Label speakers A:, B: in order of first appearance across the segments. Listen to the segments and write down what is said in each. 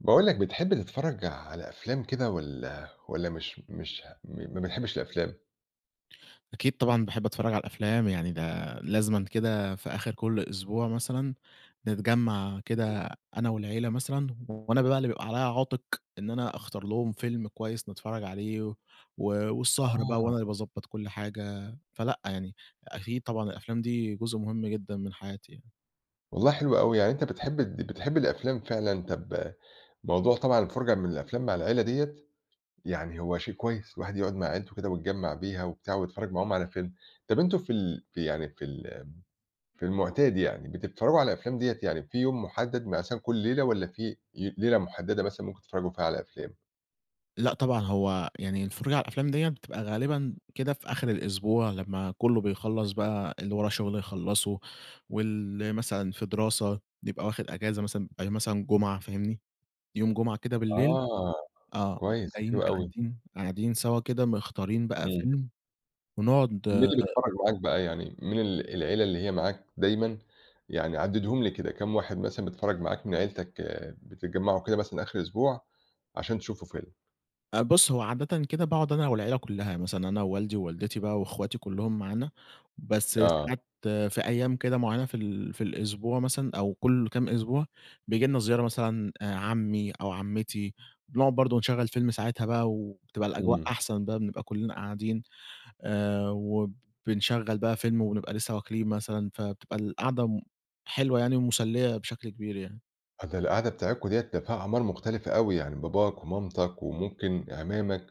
A: باقول لك بتحب تتفرّج على أفلام كده والّا والّا مش مش ه م ما بتحبّش الأفلام؟
B: أكيد طبعًا باحب أتفرّج على الأفلام، يعني ده لازمًا كده في آخِر كل أسبوع مثلًا نتجمّع كده أنا والعيلة مثلًا وأنا بقى اللي بيبقى عليّا عاتِق إن أنا أختار لهم فيلم كويس نتفرّج عليه و والسهر بقى
A: آه.
B: وأنا اللي باضبّط كل حاجة، فلأ يعني أكيد طبعًا الأفلام دي جزء مهم جدًا من حياتي يعني.
A: والله حلوة أوي، يعني أنت بتحب د بتحب الأفلام فعلًا، طَب موضوع طبعًا الفُرجة من الأفلام مع العيلة ديّة يعني هو شيء كويس الواحد يُقعد مع عيلته كده ويتجمّع بيها وبتاع ويتفرّج معاهم على فيلم. طَب أنتم في ال في يعني في الم في المُعتاد يعني بتتفرّجوا على أفلام ديّة، يعني في يوم مُحدّد مثلّا كل ليلة والّا في ي ليلة مُحدّدة مثلًا ممكن تتفرّجوا فيها على أفلام؟
B: لأ طبعًا، هو يعني الفُرجة على الأفلام ديّة بتبقى غالبًا كده في آخِر الأسبوع لمّا كُلّه بيخلّص بقى اللي وراه شُغل يخلّصه، واللي مثلًا في دراسة بيبقى واخِد إجازة مثلًا بيبقي مثلًا جُمعة فاهمني، يوم جُمعة كده بالليل
A: آه
B: آه نقوم
A: كويس،
B: جايّين
A: حلو أوي.
B: قاعدين قاعدين سَوا كده مختارين بقى
A: إمم.
B: فيلم ونقعُد
A: مين اللي بيتفرّج معاك بقى، يعني مين ال العيلة اللي هي معاك دايمًا، يعني عدِّدهم لي كده كام واحد مثلًا بيتفرّج معاك من عيلتك بتتجمّعوا كده مثلًا آخِر أسبوع عشان تشوفوا فيلم؟
B: أ بُصّ، هو عادةً كده باقعد أنا والعيلة كُلّها مثلًا أنا ووالدي ووالدتي بقى وأخواتي كُلهم معانا، بس
A: آه.
B: ساعات في أيام كده مُعيّنة في ال في الأسبوع مثلًا أو كلُ كام أسبوع، بييجي لنا زيارة مثلًا عمي أو عمتي، بنُقعد برضه نشغّل فيلم ساعتها بقى وبتبقى الأجواء
A: إمم.
B: أحسن بقى بنبقى كُلنا قاعدين، آآ، وبنشغّل بقى فيلم ونبقى لسه واكلين مثلًا فبتبقى القعدة حلوة يعني مُسلية بشكل كبير يعني.
A: [unintelligible] القعدة بتاعتكم ديّة ده فيها أعمار مختلفة أوي، يعني باباك ومامتك وممكن اعمامك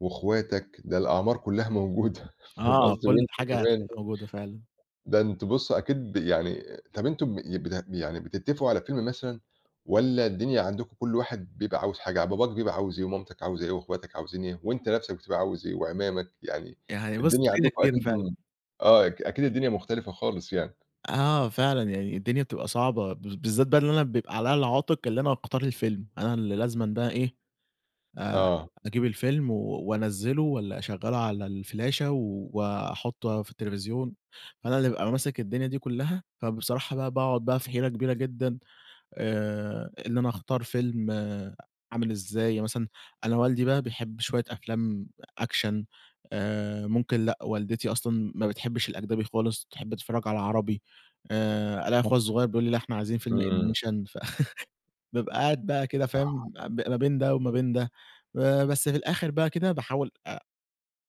A: وأخواتك ده الأعمار كُلّها موجودة فاهم
B: آه
A: قصدي؟
B: كُل
A: وأنت
B: حاجة
A: كمان
B: هتلاقيها موجودة فعلًا.
A: ده أنتم بُصّ، أكيد ب يعني طَب أنتم ب بت يعني بتتفقوا على فيلم مثلًا، والّا الدنيا عندكم كُل واحد بيبقى عاوز حاجة، يعني باباك بيبقى عاوز إيه ومامتك عاوزة إيه وأخواتك عاوزين إيه، وأنت نفسك بتبقى عاوز إيه؟ واعمامك يعني،
B: يعني بُصّ،
A: الدنيا عندكم
B: [unintelligible]
A: أكيد
B: فعلًا.
A: م آه أ أكيد الدنيا مُختلفة خالص يعني.
B: آه فعلًا، يعني الدنيا بتبقى صعبة بالذات بقي اللي أنا بيبقى عليّا العاتق اللي أنا اختار الفيلم، أنا ال لازمًا بقى إيه آآ
A: آه.
B: أجيب الفيلم وأنزّله والّا أشغّله على الفلاشة وأحطه في التلفزيون، فأنا اللي بابقى ماسك الدنيا دي كُلّها، فبصراحة بقى باقعد بقى في حيرة كبيرة جدًا آآ إن أنا أختار فيلم عامل إزاي، مثلًا أنا والدي بقى بيحب شوية أفلام action آآ ممكن لأ والدتي أصلًا ما بتحبش الأجنبي خالص تحب تتفرّج على عربي، آآ ألاقي أخويا الصُغير بيقول لي لا إحنا عايزين فيلم
A: إمم.
B: animation فبابقي قاعد بقى كده
A: [unintelligible]
B: فاهم ما بين ده وما بين ده، بس في الآخر بقى كده باحاول أ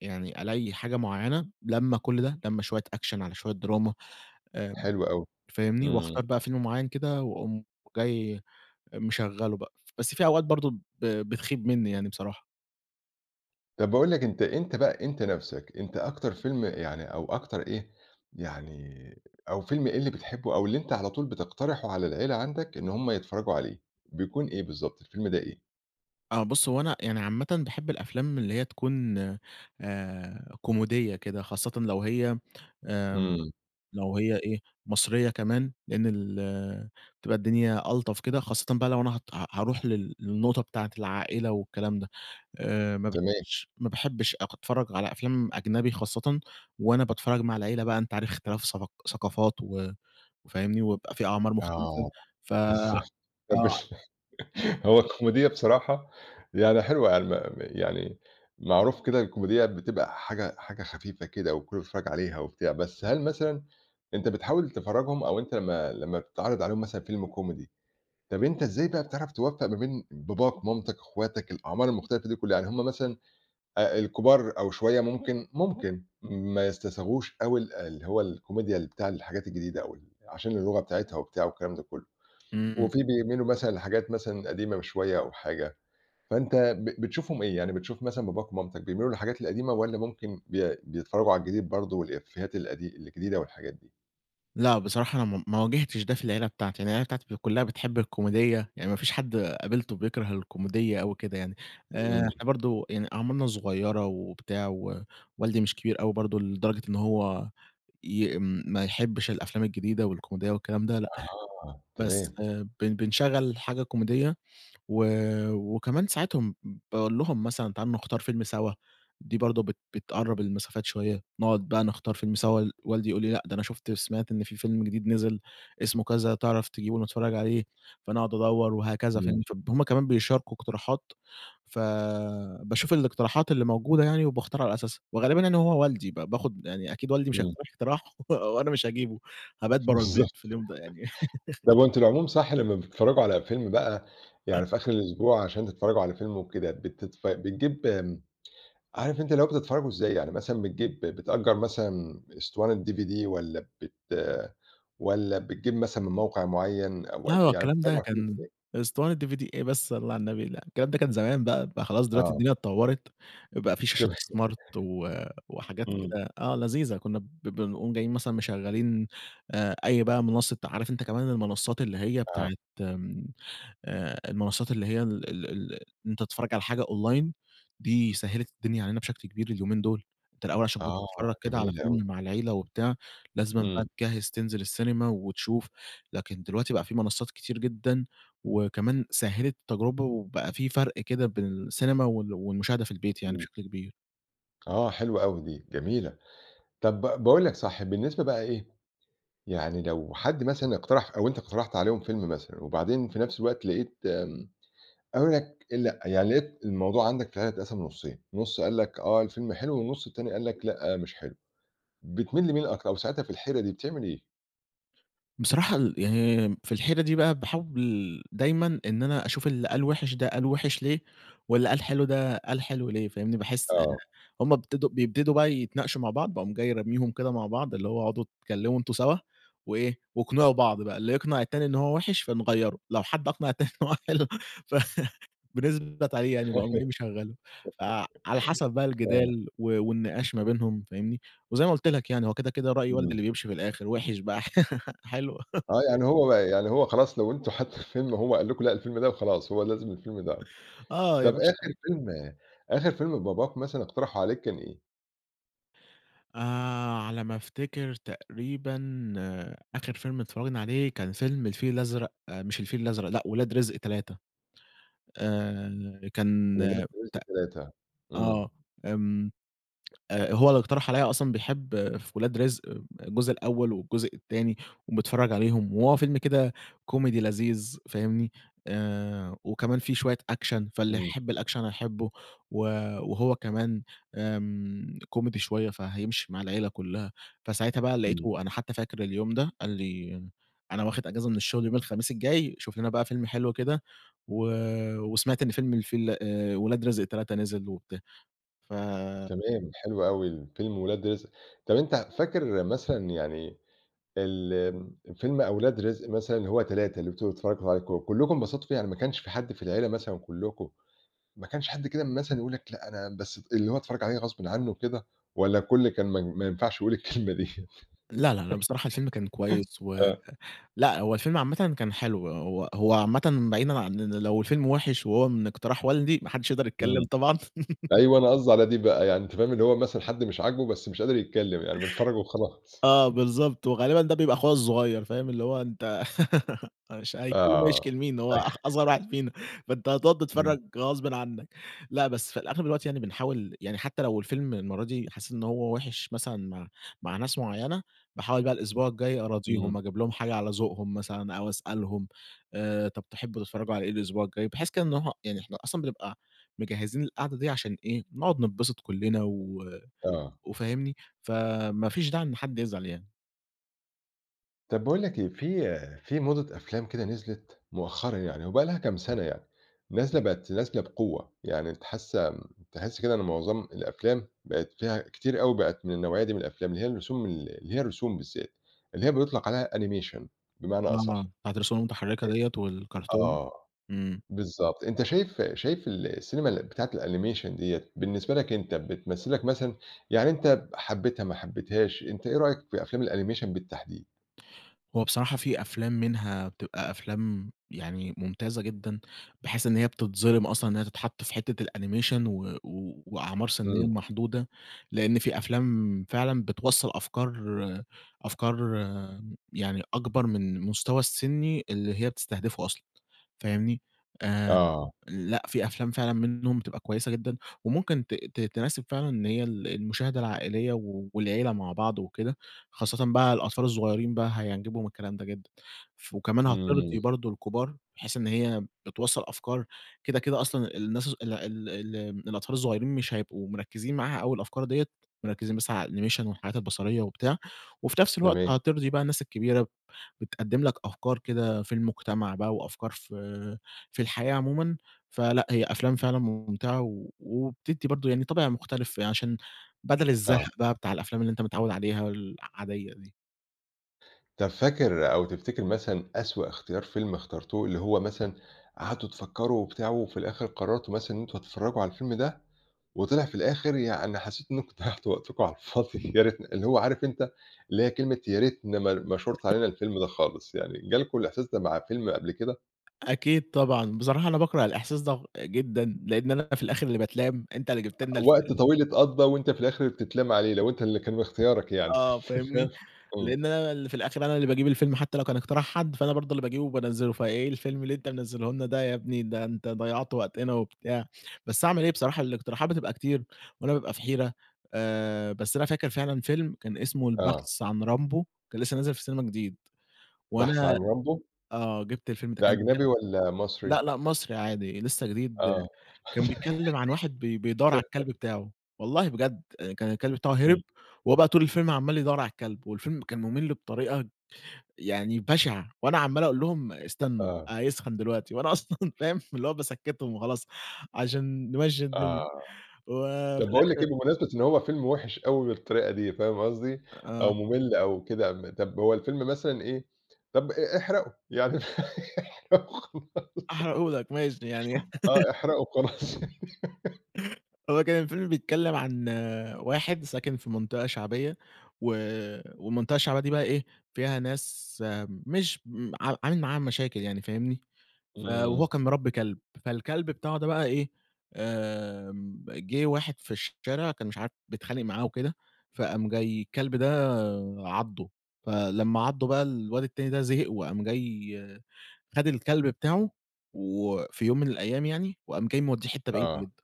B: يعني ألاقي حاجة مُعيّنة لمّة كُل ده لمّة شوية action على شوية drama امم،
A: حلو أوي،
B: فاهمني
A: إمم.
B: وأختار بقى فيلم مُعيّن كده وأقوم جاي مشغّله بقى بس في أوقات برضه ب بتخيب مني يعني بصراحة.
A: طَب باقول لك أنت أنت بقى أنت نَفْسك أنت أكتر فيلم يعني أو أكتر إيه، يعني أو فيلم إيه اللي بتحبه أو اللي أنت على طول بتقترحه على العيلة عندك إن هُم يتفرّجوا عليه، بيكون إيه بالضبط الفيلم ده إيه؟
B: آه، بُص هو أنا يعني عامةً باحب الأفلام اللي هي تكون آآ كوميدية كده، خاصةً لو هي آمم
A: إمم.
B: لو هي إيه مصرية كمان، لأن ال بتبقى الدنيا ألطف كده، خاصةً بقى لو أنا ه ه هاروح لل للنقطة بتاعة العائلة والكلام ده، آآ ما
A: تمام.
B: باحبش ما باحبش أق أتفرّج على أفلام أجنبي خاصةً وأنا باتفرّج مع العيلة بقى أنت عارف اختلاف ثافق ثقافات و و فاهمني؟ وبيبقى في أعمار مختلفة
A: آه،
B: ف
A: بس طب
B: آه
A: بس هو الكوميدية بصراحة يعني حلوة عل م يعني معروف كده الكوميدية بتبقى حاجة، حاجة خفيفة كده وكلّه بيتفرّج عليها وبتاع بس، هل مثلًا أنت بتحاول تفرّجهم أو أنت ما لمّا بتعرض عليهم مثلًا فيلم comedy طَب أنت إزاي بقى بتعرف توفّق ما بين باباك، مامتك، أخواتك الأعمار المختلفة دي كلّها يعني هُم مثلًا آآ الكبار أو شوية ممكن ممكن ما يستساغوش أوي ال اللي هو الكوميديا ل بتاع الحاجات الجديدة، أو ال عشان اللغة بتاعتها وبتاع والكلام ده كلّه،
B: إمم.
A: وفي بيميلوا مثلًا لحاجات مثلًا قديمة م شوية أو حاجة، فأنت ب بتشوفهم إيه يعني بتشوف مثلًا باباك ومامتك بيميلوا للحاجات القديمة والّا ممكن بي بيتفرّجوا على الجديد برضه والإفيهات القديم الجديدة والحاجات دي؟
B: لأ، بصراحة أنا م ما واجهتش ده في العيلة بتاعتي، أنا العيلة بتاعتي ك كلّها بتحب الكوميدية، يعني ما فيش حد قابلته بيكره الكوميدية أوي كده يعني. آآ،
A: امم.
B: إحنا برضه يعني أعمارنا صغيرة وبتاع و والدي مش كبير أوي برضه لدرجة إن هو ي ما يحبش الأفلام الجديدة والكوميدية والكلام ده لأ.
A: آه،
B: بس
A: تمام.
B: بن بن بنشغل حاجة كوميدية، و وكمان ساعات باقول لهّم مثلًا تعالوا نختار فيلم سوا، دي برضه بت بتقرب المسافات شوية، نقعد بقى نختار فيلم سوا، والدي يقول لي لأ ده أنا شُفت سمعت إن في فيلم جديد نزل اسمه كذا، تعرف تجيبه نتفرج عليه، فأنا أقعد أدوّر وهكذا،
A: امم.
B: فاهم؟ ف هُم كمان بيشاركوا اقتراحات ف باشوف الاقتراحات اللي موجودة يعني وباختار على أساسها، وغالبا يعني هو والدي ب باخد يعني أكيد والدي مش
A: امم.
B: هيقترح اقتراح وأنا مش هاجيبه، هابات
A: بالضبط.
B: برّا البيت في اليوم ده يعني.
A: طَب وأنتم العموم صح لما بتتفرجوا على فيلم بقى يعني في آخر الأسبوع، عشان تتفرجوا على فيلم وكده بتتف بتجيب آمم، عارف أنت اللي هو بتتفرجوا إزاي؟ يعني مثلًا بتجيب بتأجر مثلًا إسطوانة DVD والّا بت والّا بتجيب مثلًا من موقع معين أو و
B: آه،
A: يعني
B: الكلام
A: بتتفرجوا
B: ده
A: على الفيلم
B: كان
A: إزاي؟
B: إسطوانة DVD إيه بس صلي على النبي، لأ. الكلام ده كان زمان بقى بقى خلاص دلوقتي
A: آه.
B: الدنيا اتطورت، بقى في شاشات
A: تمام
B: smart و وحاجات
A: امم.
B: كده، آه لذيذة كنا ب بنقوم جايين مثلًا مشغلين آآ أي بقى منصة عارف أنت كمان المنصات اللي هي
A: آه.
B: بتاعة آمم، المنصات اللي هي ال ال ال إن أنت تتفرج على حاجة Online دي سهلت الدنيا علينا بشكل كبير اليومين دول. أنت الأول عشان كنت
A: آه،
B: بتتفرج كده على
A: جميل أوي.
B: فيلم مع العيلة وبتاع لازمًا بقى
A: امم.
B: تجّهز تنزل السينما وتشوف، لكن دلوقتي بقى في منصات كتير جدًا، وكمان سهلت التجْرُبة وبقى في فَرْق كده بين السينما وال والمشاهدة في البيت يعني
A: امم.
B: بشكل كبير.
A: آه، حلوة أوي دي، جميلة. طَب ب باقول لك صح، بالنسبة بقى إيه، يعني لو حد مثلًا اقترح أو أنت اقترحت عليهم فيلم مثلًا وبعدين في نَفْس الوقت لقيت م قالوا لك لأ، يعني لقيت الموضوع عندك فعلًا اتقسم نُصّين، نُص قال لك آه الفيلم حلو، والنُص التاني قال لك لأ مش حلو، بِتميل لمين أكتر أو ساعتها في الحيرة دي بتعمل إيه؟
B: بصراحة ال يعني في الحيرة دي بقى باحاول دايمًا إن أنا أشوف اللي قال وِحِش ده قال وِحِش ليه، واللي قال حلو ده قال حلو ليه، فاهمني؟ باحس إن
A: آه.
B: هم ابتدوا بيبتدوا بقى يتناقشوا مع بعض، باقوم جاى رميهم كده مع بعض، اللي هو اقعدوا اتكلِّموا أنتم سَوا وإيه واقنعوا بعض بقى، اللي يقنع التاني إن هو وِحِش فنغيّره، لو حد أقنع التاني إن هو حلو فنثبت عليه يعني باقوم جاي مشغّله، فعلى حَسَب بقى
A: آه.
B: الجدال و والنقاش ما بينهم، فاهمني، وزي ما قُلت لك يعني هو كده، كده رأي والدي
A: إمم.
B: اللي بِيمشي في الآخِر وِحِش بقى ح حلو.
A: آه، يعني هو ب يعني هو خلاص لو أنتم حتّى الفيلم هو قال لكم لأ الفيلم ده وخلاص، هو لازم الفيلم ده.
B: آه، يا
A: طَب
B: باشا
A: آخِر فيلم آخِر فيلم باباك مثلًا اقترحه عليك كان إيه؟
B: آآ على ما أفتكر تقريبًا آخِر فيلم اتفرّجنا عليه كان فيلم الفيل الأزرق مش الفيل الأزرق لأ، ولاد رزق 3، آآ كان
A: ولاد
B: ت
A: رزق 3
B: آه،
A: إمم.
B: آمم آآ هو اللي اقترح عليّا أصلًا بيحب في ولاد رزق آآ الجزء الأول والجزء التاني وبيتفرّج عليهم وهو فيلم كده comedy لذيذ فاهمني؟ آآ وكمان في شوية action فاللي
A: إمم.
B: يحب الaction هيحبه، و وهو كمان آمم comedy شوية فهيمشي مع العيلة كلّها، فساعتها بقى
A: إمم.
B: لقيته أنا حتى فاكر اليوم ده، قال لي: "أنا واخد اجازة من الشُغل يوم الخميس الجاي شوف لنا بقى فيلم حلو كده و وسمعت إن فيلم الفيل آآ ولاد رزق 3 نزل وبتا" ف
A: تمام حلو أوي فيلم ولاد رزق، طَب أنت فاكر مثلًا يعني ال فيلم أولاد رزق مثلًا اللي هو 3 اللي أنتم بتتفرّجوا عليه ك كلّكم انبسطوا فيه يعني ما كانش في حد في العيلة مثلًا كلّكم، ما كانش حد كده مثلًا يقول لك لأ، أنا بس ت اللي هو اتفرج عليه غصبٍ عنّه وكده والّا الكل كان ما ما ينفعش يقول الكلمة دي؟
B: لأ، لأ، لأ، بصراحة الفيلم كان كويس و
A: آه.
B: لأ، هو الفيلم عامةً كان حلو هو هو عامةً بعيدًا عن إن لو الفيلم وِحِش وهو من اقتراح والدي ما حدش يقدر يتكلّم
A: إمم.
B: طبعًا.
A: أيوه أنا قصدي على دي بقى يعني أنت فاهم؟ اللي هو مثلًا حد مش عاجبه بس مش قادر يتكلّم يعني م بيتفرّج وخلاص.
B: آه، بالضبط وغالبًا ده بيبقى أخويا الصغيّر فاهم؟ اللي هو أنت أش
A: آه،
B: هيتكلّم
A: آه.
B: هيشكي لمين؟ هو أخ أصغر واحد فينا فأنت هتقعد
A: إمم.
B: تتفرّج غصبٍ عنّك لأ، بس في الأغلب الوقت يعني بنحاول يعني حتى لو الفيلم المَرّة دي حسّيت إن هو وِحِش مثلًا مع مع ناس معيّنة، باحاول بقى الإسبوع الجاي أراضيهم
A: إمم.
B: أجيب لهم حاجة على ذوقهم مثلًا أو أسألهم، آآ طَب تحبوا تتفرّجوا على إيه الإسبوع الجاي بحيث كده إن هو يعني إحنا أصلًا بنبقى مجهّزين القاعدة دي عشان إيه، نقعد نتبسط كلّنا و
A: آه.
B: وفاهمني؟ ف ما فيش داعي إن حد يزعل يعني.
A: طَب بَاقول لك إيه، في في موضة أفلام كده نِزلت مؤخرًا يعني و بقي لهّا كَم سنة يعني، نازلة بقت نازلة بقوة يعني تِحس كده إن معظم الأفلام بقت فيها كتير أوي بقت من النَوعيّة دي من الأفلام، اللي هي الرسوم ال اللي هي الرسُوم بالذات، اللي هي بيطلق عليها animation بمعنى
B: آه،
A: أصح.
B: بِتَاعة الرسوم المتحركة ديَّة
A: أ
B: والكرتون؟
A: آه،
B: إمم.
A: بالضبط أنت شايف شايف ال السينما بتاعة الanimation ديّة، بالنسبة لك أنت بتْمثِل لك مثلًا، يعني أنت حبيتها ما حبيتهاش أنت إيه رأيك في أفلام الanimation بالتحديد؟
B: هو بصراحة في أفلام منها بتبقى أفلام يعني ممتازة جدًا، بحيث إن هي بتتظلِم أصلًا إن هي تتحط في حِتّة الanimation و وأعمار سِنية
A: إمم.
B: محدودة. لأن في أفلام فعلًا بتْوصَّل أفكار أفكار يعني أَكْبر من المستوى السِني اللي هي بتستهدفه أصلًا، فاهمني؟ آآ
A: آه.
B: لأ في أفلام فعلًا مِنّهم بتبقى كويسة جدًا، وممكن ت ت تِنَاسب فعلًا إن هي ال المشاهدة العائلية والعِيلّة مع بعض وكده، خاصةً بقى الأطفال الصغيرين بقى هيعجبهم الكلام ده جدًا، ف وكمان
A: إمم.
B: هَتِرضي برضه الكُبّار بحيث إن هي بتوصّل أفكار كده كده أصلًا الناس ال ال ال الأطفال الصغيّرين مش هيبقوا مركزِين معاها أوي الأفكار ديَّة، مركزين بس على الanimation والحاجات البصرية وبتاع، وفي نفْس الوقت
A: تمام.
B: هترضي بقى الناس الكبيرة بتقدِم لَك أفكار كده في المجتمع بقى وأفكار في في الحياة عمومًا، فلأ هي أفلام فعلًا مُمْتعة و وبتدي برضه يعني طَابِع مُختَلِف، عشان بَدلْ الزَهق
A: آه.
B: بقى بتاع الأفلام اللي أنت متعود عليها العادية دي.
A: طَب فاكر أو تفتكر مثلًا أسوء اختيار فيلم اخترتوه اللي هو مثلًا قعدتوا تفكّروا وبتاع وفي الآخِر قرّرتوا مثلًا إن أنتم هتتفرّجوا على الفيلم ده وطلع في الآخِر يعني حسّيتوا إنّكم ضيّعتوا وقتكم على الفاضي يا ريتنا اللي هو عارف أنت اللي هي كلمة يا ريتنا ما ر ما شُرْت
B: [unintelligible]
A: علينا الفيلم ده خالص، يعني جالكم الإحساس مع فيلم قبل كده؟
B: أكيد طبعًا، بصراحة أنا باكره الإحساس ده جدًا لإن أنا في الآخِر اللي باتلام، أنت اللي جِبت لنا
A: أ
B: الفيلم
A: وقت طويل اتقضّى وأنت في الآخِر اللي بتتلام عليه، لو أنت اللي كان اختيارك يعني
B: آه فاهمني،
A: فاهم، إمم.
B: لإن أنا اللي في الآخِر أنا اللي باجيب الفيلم حتّى لو كان اقتراح حد، فأنا برضه اللي باجيبه وبانزّله، "فإيه الفيلم اللي أنت منزّله لنا ده يا بني ده أنت ضيّعت وقتنا،" وبتاع. بس أعمل إيه بصراحة الاقتراحات بتبقى كتير وأنا بابقى في حيرة، آآ بس أنا فاكر فعلًا فيلم كان اسمه
A: آه.
B: البحث عن رامبو كان لسّه نازل في السينما جديد
A: بحث عن
B: وأنا
A: رامبو.
B: آه، جِبت الفيلم ده
A: ده
B: كان كان
A: أجنبي والّا
B: لأ،
A: مصري؟
B: لأ مصري عادي لسّه جديد
A: آه.
B: كان بيتكلِّم عن واحد بي بيدوّر على الكلب
A: ت
B: بتاعه، والله بجد كان الكلب بتاعه هرب
A: إمم.
B: وهو بقى طول الفيلم عَمّال يدوّر على الكلب والفيلم كان مُمِل بطريقة يعني بَشِعة وأنا عَمّال أقول لهم: "استنّوا،
A: آه.
B: هيسخن دلوقتي." وأنا أصلًا فاهم، اللي هو باسكّتهم وخلاص عشان نمشّي
A: آه،
B: الدنيا
A: طَب
B: وفي
A: باقول لك
B: الأخِر
A: إيه بمناسبة إن هو فيلم وِحِش أوي بالطريقة دي فاهم قصدي،
B: آآ آه.
A: أو مُمِل أو كده أم طَب هو الفيلم مثلًا إيه، طَب آآ احرقه، يعني احرقه وخلاص.
B: هاحرقه لك ماشي، يعني
A: آه، احرقه وخلاص.
B: هو كان الفيلم بيتكلِّم عن واحد ساكن في منطقة شعبية و والمنطقة الشعبية دي بقى إيه، فيها ناس مش م ع عامل معاهم مشاكل يعني فاهمني، ف وهو
A: إمم.
B: كان مربّي كلب، فالكلب بتاعه ده بقى إيه، آمم جِه واحد في الشارع كان مش عارف بيتخانق معاه وكده، فقام جاي الكلب ده عَضّه، فلمّا عَضّه بقى الواد التاني ده زهق وقام جاي خَد الكلب بتاعه وفي يوم من الأيام يعني وقام جاي مودّيه حتّة بعيدة
A: آه.
B: جدًا.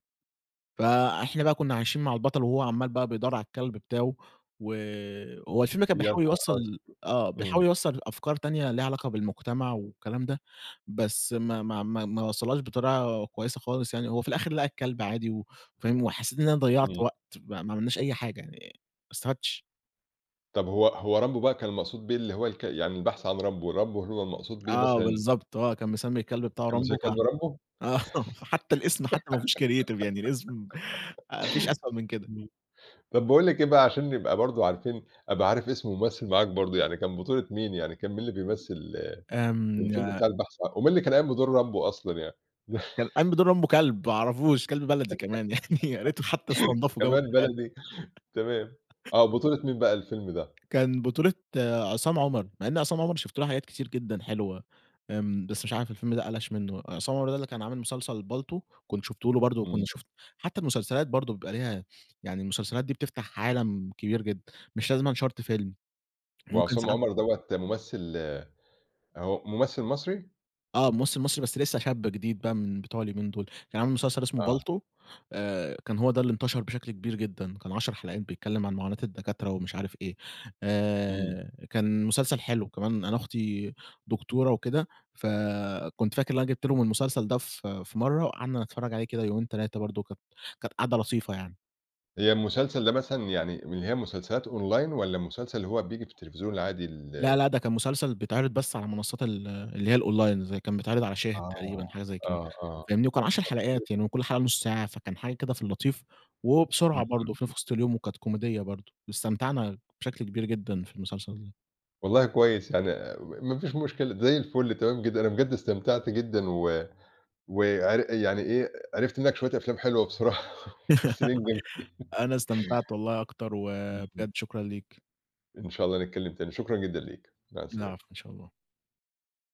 B: فإحنا بقى كُنّا عايشين مع البطل وهو عَمّال بقى بيدوّر على الكلب بتاعه وهو الفيلم كان
A: یا
B: بيحاول
A: نهار أسو
B: يوصّل آه،
A: إمم.
B: بيحاول يوصّل أفكار تانية ليها علاقة بالمجتمع والكلام ده، بس ما ما ما ما وصّلهاش بطريقة كويسة خالص يعني، هو في الآخِر لقى الكلب عادي و فاهم، وحسّيت إن أنا ضيّعت
A: إمم.
B: وقت ما ما عملناش أي حاجة يعني ما استفادْتش.
A: طب هو هو رامبو بقى كان المقصود بيه اللي هو الك يعني البحث عن رامبو، رامبو اللي هو المقصود بيه
B: آه
A: مثلًا؟
B: بالضبط آه كان مسمي الكلب بتاعه
A: كان مسمي
B: رامبو ف
A: الكلب رامبو؟
B: آه فحتى الاسم حتى ما فيهوش creative يعني الاسم آآ ما فيش أسوأ من كده.
A: امم، طب باقول لك إيه بقى عشان نبقى برضه عارفين أبقى عارف اسم الممثل معاك برضه، يعني كان بطولة مين يعني كان مين اللي بيمثل الفيلم
B: آمم
A: بتاع البحث ع ومين اللي كان قايم بدور رامبو أصلًا يعني؟
B: آآ كان قام بدور رامبو كلب ما اعرفوش كلب بلدي كمان يعني يا ريته حتى استنضفوا وجابوا
A: كمان
B: من الغالي.
A: بلدي تمام آه بطولة مين بقى الفيلم ده؟
B: كان بطولة عصام عمر، مع إن عصام عمر شُفت له حاجات كتير جدًا حلوة آمم، بس مش عارف الفيلم ده قلش منه بقى عصام عمر ده اللي كان عامل مسلسل بالطو كنت شُفته له برضه وكنت
A: امم.
B: شُفت حتى المسلسلات برضه بيبقى ليها يعني المسلسلات دي بتفتح عالم كبير جدًا، مش لازمًا شرط فيلم ممكن
A: وعصام
B: ساعات
A: عمر دوّة ممثل هو ممثل مصري؟
B: آه ممثل مصري بس لسه شاب جديد بقى من بتوع اليومين دول، كان عامل مسلسل اسمه
A: آه.
B: بالطو آآ كان هو ده اللي انتشر بشكل كبير جدًا، كان 10 حلقات بيتكلم عن معاناة الدكاترة ومش عارف إيه،
A: امم.
B: آآ كان مسلسل حلو، وكمان أنا أختي دكتورة وكده، فكنت فاكر إن أنا جِبت لهم المسلسل ده ف في مرة وقعدنا نتفرج عليه كده يومين 3 برضه كانت كانت قاعدة لطيفة يعني.
A: هي المسلسل ده مثلًا يعني من اللي هي المسلسلات online والّا المسلسل اللي هو بييجي في التلفزيون العادي
B: لا
A: ال
B: لا ده كان مسلسل بيتعرض بس على منصات ال اللي هي الonline، زي كان بيتعرض على شاهد
A: آه
B: تقريبًا حاجة زي كده
A: آه آه.
B: فاهمني؟ وكان 10
A: [unintelligible]
B: حلقات يعني وكل حاجة نص ساعة، فكان حاجة كده في اللطيف وبسرعة برضه، شُفناه في
A: [unintelligible]
B: وسط اليوم وكانت كوميدية برضه واستمتعنا بشكل كبير جدًا في المسلسل ده.
A: والله كويس يعني آآ ما فيش مشكلة زي الفل تمام جدًا أنا بجد استمتعت جدًا، و وعر يعني إيه عرفت منك شوية أفلام حلوة بصراحة بس.
B: أنا
A: [unintelligible]
B: استمتعت والله أكتر
A: امم.
B: وبجد شكرًا ليك.
A: إن شاء الله نتكلم تاني شكرًا جدًا ليك مع السلامة.
B: العفو إن شاء الله.